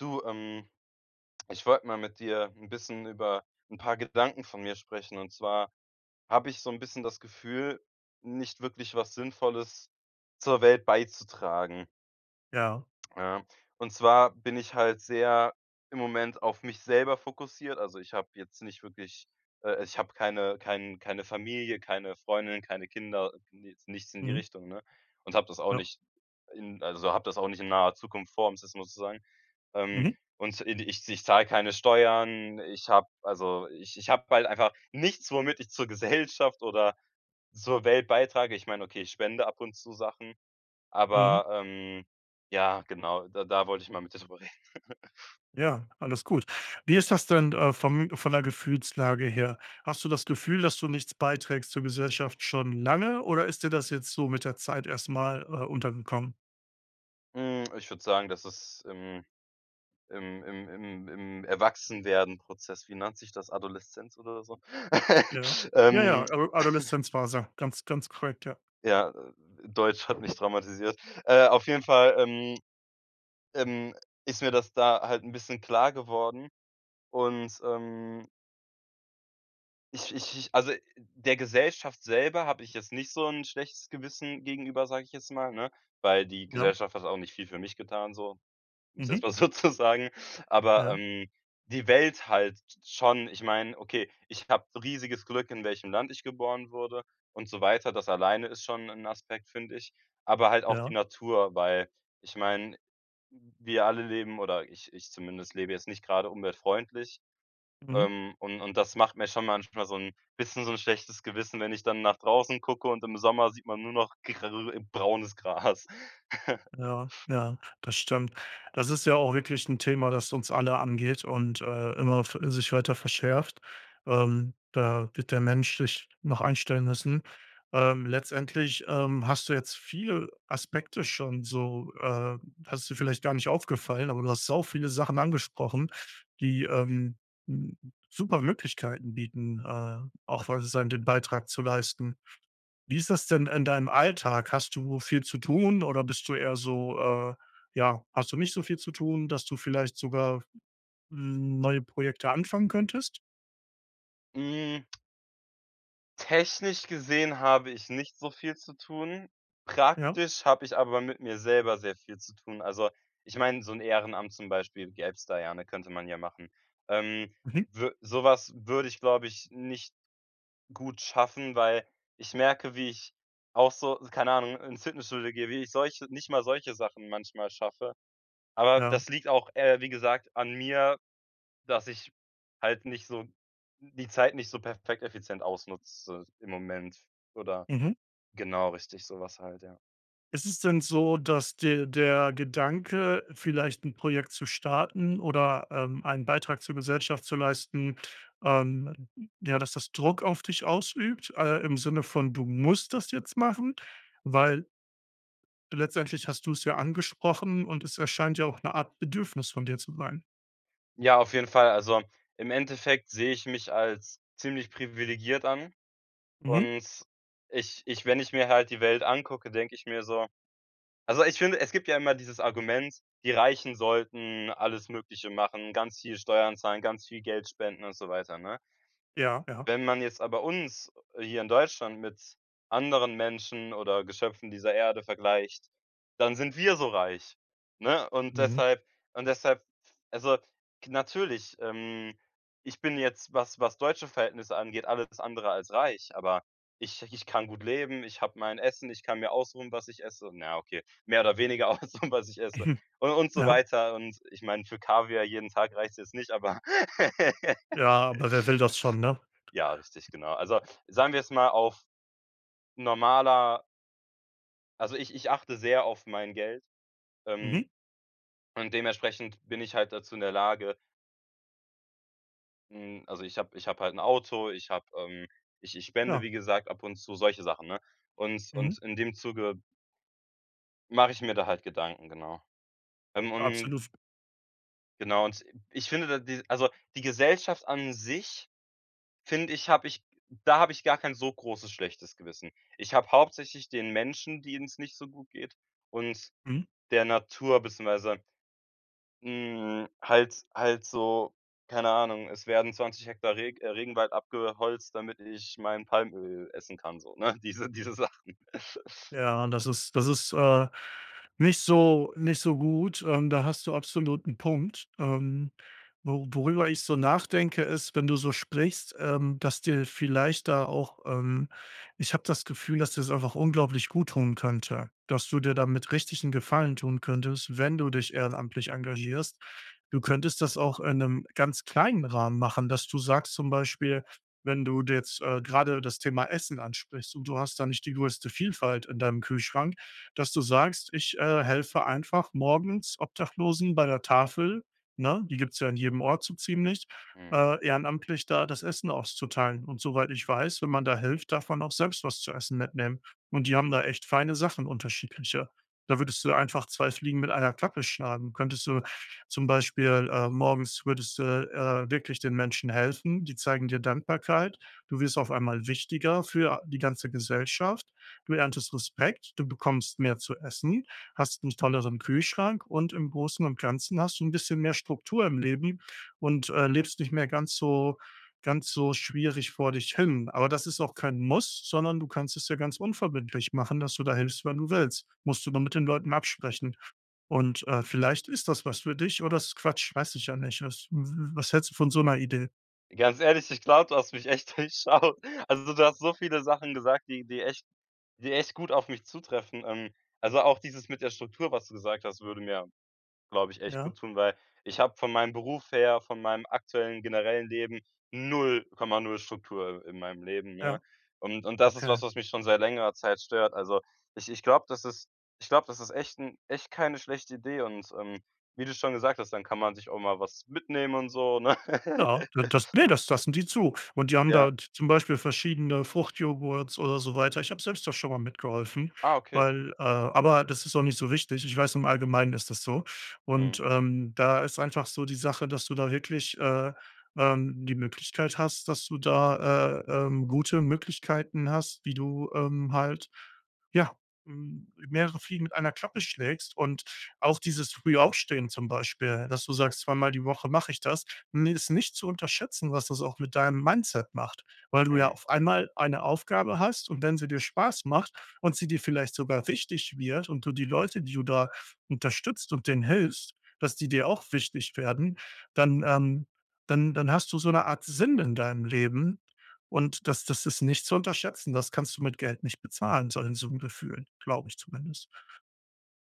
Du, ähm, ich wollte mal mit dir 'n bisschen über 'n paar Gedanken von mir sprechen. Und zwar habe ich so 'n bisschen das Gefühl, nicht wirklich was Sinnvolles zur Welt beizutragen. Ja. Ja, und zwar bin ich halt sehr im Moment auf mich selber fokussiert. Also, ich habe jetzt nicht wirklich, äh ich habe keine kein keine Familie, keine Freundin, keine Kinder, ne, jetzt nichts in die Mhm. Richtung, ne? Und, habe das auch Ja. nicht in also, habe das auch nicht in naher Zukunft vor, ums jetzt mal zu sagen. Ähm, Mhm. und, i di ich z ich zahle keine Steuern, ich habe also, ich ich habe halt einfach nichts, womit ich zur Gesellschaft oder zur Welt beitrage. Ich meine, okay, ich spende ab und zu Sachen. Mhm. Aber, ähm, ja, genau, da da wollte ich mal mit drüber reden. Ja, alles gut. Wie ist das denn, äh, vom von der Gefühlslage her? Hast du das Gefühl, dass du nichts beiträgst zur Gesellschaft schon lange oder ist dir das jetzt so mit der Zeit erst mal, äh, untergekommen? Hm, ich würde sagen, dass es im im im im im Erwachsenwerden-Prozess wie nennt sich das, Adoleszenz oder so, Ja, ja, ja, ähm Ado Adoleszenz-Phase, ganz, ganz korrekt, ja. Ja, äh, Deutsch hat mich traumatisiert. Äh, auf jeden Fall, ähm ähm, ist mir das da halt 'n bisschen klar geworden. Und, ähm ich ich ich also der Gesellschaft selber habe ich jetzt nicht so 'n schlechtes Gewissen gegenüber, sage ich jetzt mal, ne? Weil die Ja. Gesellschaft hat auch nicht viel für mich getan so, um's jetzt Mhm. mal so zu sagen. Aber, Ja. ähm, die Welt halt schon, ich meine okay, ich habe riesiges Glück, in welchem Land ich geboren wurde und so weiter. Das alleine ist schon 'n Aspekt, finde ich. Aber halt auch die Ja. Natur, weil ich meine, wir alle leben oder ich ich zumindest lebe jetzt nicht gerade umweltfreundlich. Mhm. Ähm, und und das macht mir schon manchmal so 'n bisschen so 'n schlechtes Gewissen, wenn ich dann nach draußen gucke und im Sommer sieht man nur noch grellbraunes Gras. Ja, ja, das stimmt. Das ist ja auch wirklich 'n Thema, das uns alle angeht und, äh, immer ve sich weiter verschärft. Ähm, da wird der Mensch sich noch einstellen müssen. Ähm, letztendlich, ähm, hast du jetzt viel Aspekte schon so, äh hast du vielleicht gar nicht aufgefallen, aber du hast sau viele Sachen angesprochen, die, ähm, hm, super Möglichkeiten bieten, äh, auch [unintelligible] den Beitrag zu leisten. Wie ist das denn in deinem Alltag? Hast du viel zu tun oder bist du eher so, äh ja, hast du nicht so viel zu tun, dass du vielleicht sogar neue Projekte anfangen könntest? Hm. Technisch gesehen habe ich nicht so viel zu tun, Ja. praktisch habe ich aber mit mir selber sehr viel zu tun. Also ich meine, so 'n Ehrenamt zum Beispiel, gäb's da ja, ne, könnte man ja machen. Ähm, Wie? wü so was würde ich glaube ich nicht gut schaffen, weil ich merke wie ich auch so, s keine Ahnung, ins Fitnessstudio gehe, wie ich solche nicht mal solche Sachen manchmal schaffe. Aber Ja. das liegt auch, äh, wie gesagt an mir, dass ich halt nicht so d die Zeit nicht so perfekt effizient ausnutze im Moment oder Mhm. genau richtig so was halt, ja. Ist es denn so, dass dir der Gedanke, vielleicht 'n Projekt zu starten oder, ähm, einen Beitrag zur Gesellschaft zu leisten, ähm, ja, dass das Druck auf dich ausübt, äh, im Sinne von, du musst das jetzt machen? Weil letztendlich hast du es ja angesprochen und es erscheint ja auch 'ne Art Bedürfnis von dir zu sein. Ja, auf jeden Fall. Also, im Endeffekt sehe ich mich als ziemlich privilegiert an. Mhm. Und ich ich wenn ich mir halt die Welt angucke, denke ich mir so also ich finde, es gibt ja immer dieses Argument: Die Reichen sollten alles Mögliche machen, ganz viel Steuern zahlen, ganz viel Geld spenden und so weiter, ne? Ja, ja. Wenn man jetzt aber uns, äh, hier in Deutschland mit anderen Menschen oder Geschöpfen dieser Erde vergleicht, dann sind wir so reich, ne? Und Mhm. deshalb und deshalb f also, k natürlich, ähm, ich bin jetzt, was was deutsche Verhältnisse angeht, alles andere als reich. Aber ich ich kann gut leben, ich habe mein Essen, ich kann mir aussuchen, was ich esse. Na ja, okay. Mehr oder weniger aussuchen, was ich esse. Hm, Und und so ja. weiter. Und, äh, ich meine, für Kaviar jeden Tag reicht's jetzt nicht, aber Ja, aber wer will das schon, ne? Ja, richtig, genau. Also sagen wir jetzt mal auf normaler also, ich ich achte sehr auf mein Geld, Mhm. ähm, und dementsprechend bin ich halt dazu in der Lage hm, also, ich habe ich habe halt 'n Auto, ich habe, ähm ich ich spende Ja. wie gesagt ab und zu, solche Sachen, ne? Und Mhm. und in dem Zuge mache ich mir da halt Gedanken, genau. Ähm, und Absolut. F Genau und i ich finde, da die also die Gesellschaft an sich, finde ich habe ich da habe ich gar kein so großes, schlechtes Gewissen. Ich habe hauptsächlich den Menschen, denen's nicht so gut geht und Mhm. der Natur beziehungsweise hm, halt halt so keine Ahnung, es werden 20 Hektar Reg äh, Regenwald abgeholzt, damit ich mein Palmöl essen kann so, ne, diese diese Sachen. Ja, das ist das ist, äh, nicht so nicht so gut, ähm, da hast du absolut 'n Punkt. Ähm, wo worüber ich so nachdenke, ist, wenn du so sprichst, ähm, dass dir vielleicht da auch, ähm ich habe das Gefühl, dass dir's einfach unglaublich gut tun könnte, dass du dir damit richtig 'n Gefallen tun könntest, wenn du dich ehrenamtlich engagierst. Du könntest das auch in 'nem ganz kleinen Rahmen machen, dass du sagst zum Beispiel, wenn du d jetzt, äh, gerade das Thema Essen ansprichst und du hast da nicht die größte Vielfalt in deinem Kühlschrank, dass du sagst: „Ich, äh, helfe einfach morgens Obdachlosen bei der Tafel“, ne? Die gibt's ja in jedem Ort so ziemlich, Mhm. äh ehrenamtlich da das Essen auszuteilen. Und soweit ich weiß, wenn man da hilft, darf man auch selbst was zu essen mitnehmen und die haben da echt feine Sachen unterschiedliche. Da würdest du einfach 2 Fliegen mit einer Klappe schlagen. Könntest du zum Beispiel äh, morgens würdest du, äh, wirklich den Menschen helfen, die zeigen dir Dankbarkeit. Du wirst auf einmal wichtiger für a die ganze Gesellschaft. Du erntest Respekt, du bekommst mehr zu essen, hast 'nen tolleren Kühlschrank und im Großen und Ganzen hast du 'n bisschen mehr Struktur im Leben und, äh, lebst nicht mehr ganz so ganz so schwierig vor dich hin. Aber das ist auch kein Muss, sondern du kannst es ja ganz unverbindlich machen, dass du da hilfst, wenn du willst. Musst du nur mit den Leuten absprechen. Und, äh, vielleicht ist das was für dich oder es ist Quatsch, weiß ich ja nicht ist. W w was hältst du von so 'ner Idee? Ganz ehrlich, ich glaube, du hast mich echt durchschaut. Also, du hast so viele Sachen gesagt, die die echt die echt gut auf mich zutreffen. Ähm, also auch dieses mit der Struktur, was du gesagt hast, würde mir, glaube ich, echt Ja. gut tun, weil ich habe von meinem Beruf her, von meinem aktuellen, generellen Leben 0,0 Struktur in meinem Leben, ne? Ja. Und und das ist was, Okay. was mich schon seit längerer Zeit stört. Also, ich ich glaube, das ist ich glaube, das ist echt 'n echt keine schlechte Idee und, ähm, wie du schon gesagt hast, dann kann man sich auch mal was mitnehmen und so, ne? Ja, d das ne, das lassen die zu. Und die haben da Ja. z zum Beispiel verschiedene Fruchtjoghurts oder so weiter. Ich habe selbst da schon mal mitgeholfen, Ah, okay. weil, äh aber das ist auch nicht so wichtig. Ich weiß, im Allgemeinen ist das so. Und, Mhm. ähm, da ist einfach so die Sache, dass du da wirklich, äh, ähm, die Möglichkeit hast, dass du da, äh, ähm, gute Möglichkeiten hast, wie du, ähm, halt, ja, hm, mehrere Fliegen mit einer Klappe schlägst und auch dieses frühe Aufstehen zum Beispiel, dass du sagst, zweimal die Woche mache ich das, ni ist nicht zu unterschätzen, was das auch mit deinem Mindset macht. Weil du ja Mhm. auf einmal eine Aufgabe hast und wenn sie dir Spaß macht und sie dir vielleicht sogar wichtig wird und du die Leute, die du da unterstützt und denen hilfst, dass die dir auch wichtig werden, dann, ähm dann dann hast du so 'ne Art Sinn in deinem Leben und das das ist nicht zu unterschätzen. Das kannst du mit Geld nicht bezahlen, [unintelligible] so 'n Gefühlen, glaube ich zumindest.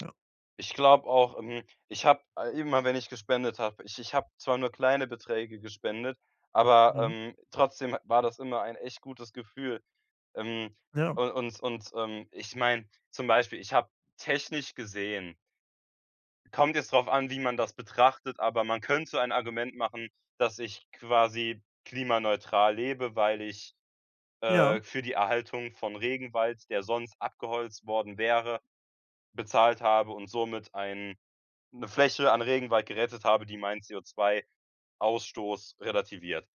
Ja. Ich glaube auch, ähm, ich habe immer, wenn ich gespendet habe, ich ich habe zwar nur kleine Beträge gespendet, aber, Mhm. ähm, trotzdem ha war das immer ein echt gutes Gefühl. Ähm, Ja. un und und, ähm, ich meine, zum Beispiel, ich habe technisch gesehen kommt jetzt darauf an, wie man das betrachtet, aber man könnte so ein Argument machen, dass ich quasi klimaneutral lebe, weil ich, Ja. äh, für die Erhaltung von Regenwald, der sonst abgeholzt worden wäre, bezahlt habe und somit ein 'ne Fläche an Regenwald gerettet habe, die meinen CO2-Ausstoß relativiert.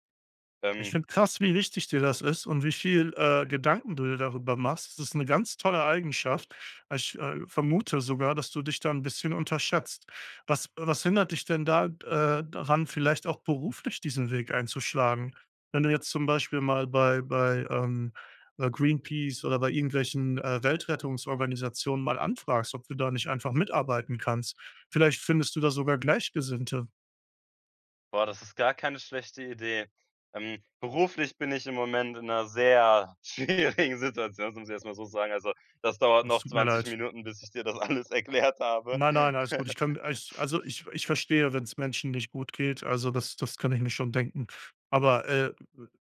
Ich Ähm finde krass, wie wichtig dir das ist und wie viel, äh, Gedanken du dir darüber machst. Das ist 'ne ganz tolle Eigenschaft. Ich, äh, vermute sogar, dass du dich da 'n bisschen unterschätzt. Was was hindert dich denn da d äh, daran, vielleicht auch beruflich diesen Weg einzuschlagen? Wenn du jetzt zum Beispiel mal bei bei, ähm, äh, Greenpeace oder bei irgendwelchen, äh, Weltrettungsorganisationen mal anfragst, ob du da nicht einfach mitarbeiten kannst. Vielleicht findest du da sogar Gleichgesinnte. Boah, das ist gar keine schlechte Idee. Ähm, beruflich bin ich im Moment in 'ner sehr schwierigen Situation, das muss ich erst mal so sagen. Also das dauert Das noch tut mir 20 leid. Minuten, bis ich dir das alles erklärt habe. Nein, nein, alles gut. Ich kann, äh ich also ich ich verstehe, wenn's Menschen nicht gut geht, also das das kann ich mir schon denken. Aber, äh,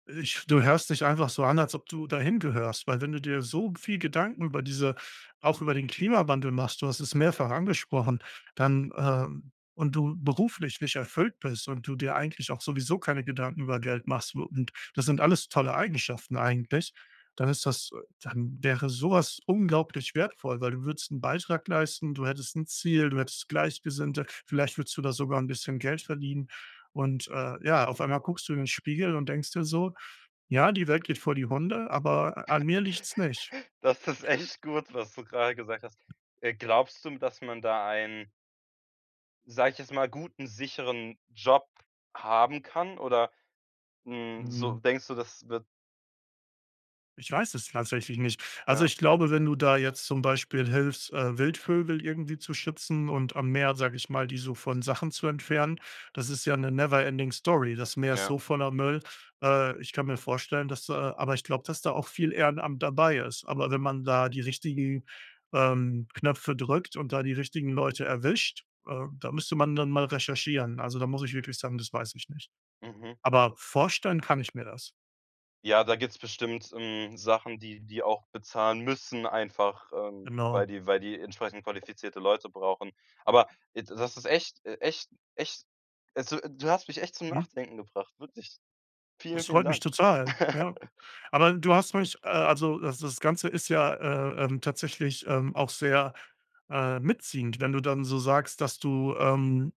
ich du hörst dich einfach so an, als ob du da hingehörst, weil wenn du dir so g viel Gedanken über diese auch über den Klimawandel machst, du hast es mehrfach angesprochen, dann, ähm und du beruflich nicht erfüllt bist und du dir eigentlich auch sowieso keine Gedanken über Geld machst, wo und das sind alles tolle Eigenschaften eigentlich, dann ist das dann wäre sowas unglaublich wertvoll. Weil du würdest 'n Beitrag leisten, du hättest 'n Ziel, du hättest Gleichgesinnte, vielleicht würdest du da sogar 'n bisschen Geld verdienen. Und, äh, ja, auf einmal guckst du in den Spiegel und denkst dir so: „Ja, die Welt geht vor die Hunde, aber an mir liegt's nicht.“ Das ist echt gut, was du grade gesagt hast. Äh, glaubst du, hm, dass man da einen sage ich jetzt mal, guten, sicheren Job haben kann? Oder, hm, so Mhm. denkst du, das wird Ich weiß es tatsächlich nicht. Also, Ja. ich glaube, wenn du da jetzt zum Beispiel hilfst, äh, Wildvögel irgendwie zu schützen und am Meer, sage ich mal, die so von Sachen zu entfernen, das ist ja 'ne never ending story. Das Meer ist Ja. so voller Müll. Äh, ich kann mir vorstellen, dass da aber ich glaube, dass da auch viel Ehrenamt dabei ist. Aber wenn man da die richtigen, ähm, Knöpfe drückt und da die richtigen Leute erwischt, ähm, da müsste man dann mal recherchieren. Also, da muss ich wirklich sagen: „Das weiß ich nicht.“ Mhm. Aber vorstellen kann ich mir das. Ja, da gibt's bestimmt, hm, Sachen, die die auch bezahlen müssen einfach, ähm, weil Genau. die weil die entsprechend qualifizierte Leute brauchen. Aber ed das ist echt e echt echt also du hast mich echt zum Mhm. Nachdenken gebracht, wirklich. Vielen, Das vielen freut mich Dank. total, ja. Aber du hast mich, äh also das das Ganze ist ja, äh, ähm, tatsächlich, ähm, auch sehr, äh, mitziehend, wenn du dann so sagst, dass du, ähm,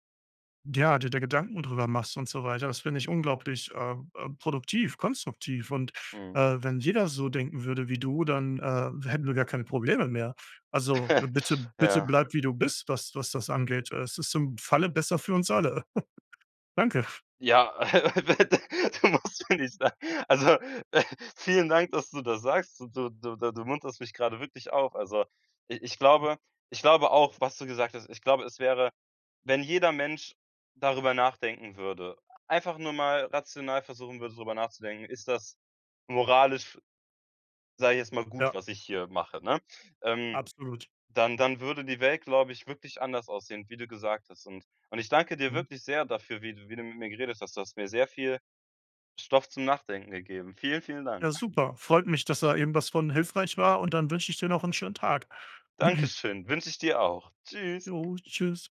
ja, dir da Gedanken drüber machst und so weiter. Das finde ich unglaublich, ähm ähm, produktiv, konstruktiv und, Mhm. äh, wenn jeder so denken würde wie du, dann, äh, hätten wir gar keine Probleme mehr. Also bitte bitte Ja. bleib, wie du bist, was was das angeht. Es ist im Falle besser für uns alle. Danke. Ja [unintelligible] du musst mir nicht also, äh, vielen Dank, dass du das sagst. Du du, da du munterst mich grade wirklich auf. Also, i ich Mhm. glaube ich glaube auch, was du gesagt hast ich glaube, es wäre wenn jeder Mensch darüber nachdenken würde, einfach nur mal rational versuchen würde, drüber nachzudenken, ist das moralisch f sage ich jetzt mal, gut, Ja. was ich hier mache, ne? Ähm, Absolut. dann dann würde die Welt, glaube ich, wirklich anders aussehen, wie du gesagt hast. Und und ich danke dir Mhm. wirklich sehr dafür, wie d wie du mit mir geredet hast, du hast mir sehr viel Stoff zum Nachdenken gegeben. Vielen, vielen Dank. Ja, super. Freut mich, dass da irgendwas von hilfreich war, und dann wünsche ich dir noch 'n schönen Tag. Danke schön, wünsche ich dir auch. Ja, Tschüss. tschüss.